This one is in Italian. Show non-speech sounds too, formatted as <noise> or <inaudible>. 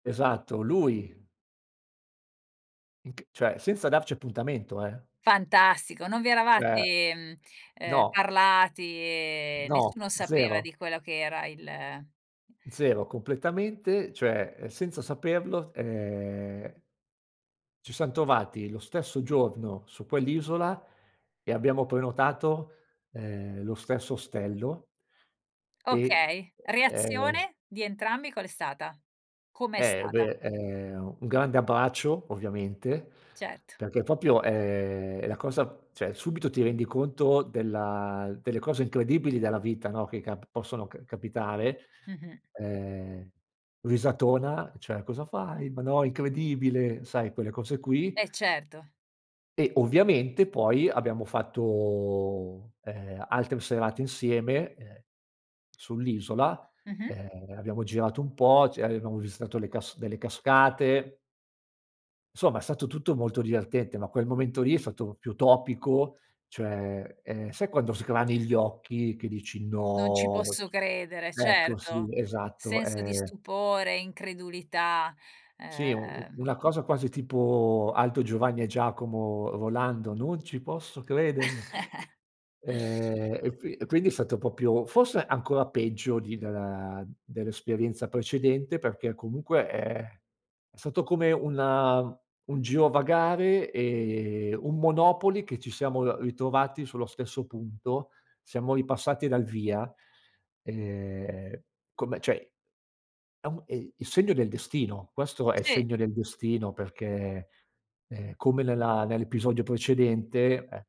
Esatto, lui. Mhmm, c cioè, senza darci appuntamento, eh. Fantastico, non vi Cioè, eravate, mhmm, ehm, no. parlati e No, nessuno sapeva 0. di quella che era il 0, completamente, cioè, uhm, senza saperlo, ehm ci siam trovati lo stesso giorno su quell'isola e abbiamo prenotato, ehm, lo stesso ostello e, Okay. uhm, ehm Reazione di entrambi qual è stata? Come è Eh, stata? beh, ehm, un grande abbraccio ovviamente, Ceto. perché proprio, ehm, è la cosa cioè subito ti rendi conto della delle cose incredibili della vita, no, che cap possono c capitare. Mh-mh. Uhm, risatona: "Cioè cosa fai? Ma no, incredibile!" Sai quelle cose qui. Eh, certo. E ovviamente poi abbiamo fatto, ehm, altre serate insieme, ehm, sull'isola, Mh-mh. ehm, abbiamo girato un po', c avevamo visitato le casc delle cascate. Somma, è stato tutto molto divertente, ma quel momento lì è stato più topico, cioè, ehm, sai quando sgrani gli occhi che dici: Non ci "No!" posso credere. Ecco, sì, Certo. esatto, Senso di ehm stupore, incredulità, Sì, u uhm una cosa quasi tipo Aldo, Giovanni e Giacomo volando, "Non ci posso credere" <chuckles> Ehm, e qui quindi è stato proprio forse ancora peggio di della dell'esperienza precedente, perché, comunque, ehm, è stato come un un girovagare e un monopoli, che ci siamo r ritrovati sullo stesso punto, siamo ripassati dal via, ehm, come cioè, a un e i il segno del destino. Questo è il Sì. segno del destino perché, uhm, come nella nell'episodio precedente, e